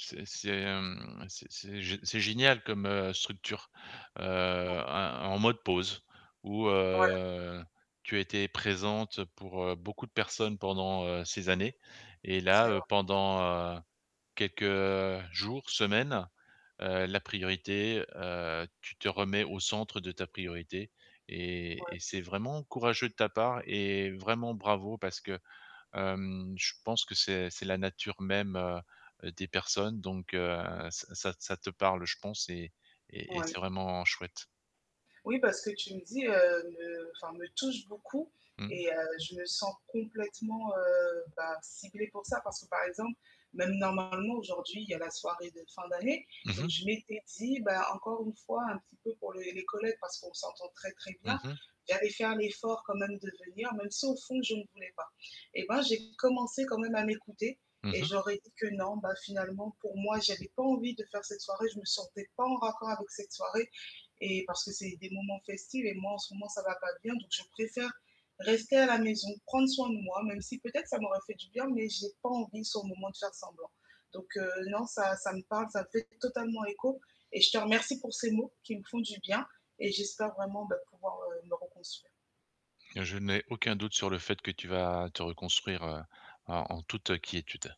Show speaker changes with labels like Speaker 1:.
Speaker 1: C'est c'est, hem, c'est c'est gé c'est génial comme, heu, structure, heu,
Speaker 2: Ouais.
Speaker 1: en en mode pause, où,
Speaker 2: Voilà.
Speaker 1: heu, tu as été présente pour, heu, beaucoup de personnes pendant, heu, ces années. Et
Speaker 2: C'est
Speaker 1: là, heu,
Speaker 2: vrai.
Speaker 1: pendant, heu, quelques, heu, jours, semaines, heu, la priorité heu, tu te remets au centre de ta priorité. Et
Speaker 2: Ouais.
Speaker 1: et c'est vraiment courageux de ta part et vraiment bravo parce que, hem, je pense que c'est c'est la nature même, heu, des personnes, donc, heu, ça ça t ça te parle, je pense et et et c'est
Speaker 2: Oui.
Speaker 1: vraiment chouette.
Speaker 2: Oui, bah, ce que tu me dis, heu, me enfin, me touche beaucoup
Speaker 1: Mmh.
Speaker 2: et heu, je me sens complètement, heu, bah, ciblée pour ça. Parce que, par exemple, même normalement aujourd'hui, il y a la soirée de fin d'année.
Speaker 1: Mmh
Speaker 2: Donc
Speaker 1: mh.
Speaker 2: je m'étais dit, bah, encore une fois, un petit peu pour les les collègues parce qu'on s'entend très très
Speaker 1: Mmh
Speaker 2: bien,
Speaker 1: mh.
Speaker 2: j'avais fait l'effort quand même de venir, même si au fond, je ne voulais pas. Et ben, j'ai commencé quand même à m'écouter
Speaker 1: Mmh
Speaker 2: et
Speaker 1: mh.
Speaker 2: je leur ai dit que non, bah finalement pour moi j'avais pas envie de faire cette soirée. Je me sentais pas en raccord avec cette soirée. Et parce que c'est des moments festives et moi en ce moment ça va pas bien donc je préfère, rester à la maison, prendre soin de moi même si peut-être ça m'aurait fait du bien, mais j'ai pas envie sur le moment de faire semblant. Donc, heu, non, ça ça me parle, ça fait t totalement écho et je te remercie pour ces mots, qui me font du bien. Et j'espère vraiment, beh, pouvoir, heu, me reconstruire.
Speaker 1: Je n'ai aucun doute sur le fait que tu vas te reconstruire, heu, en en toute quiétude.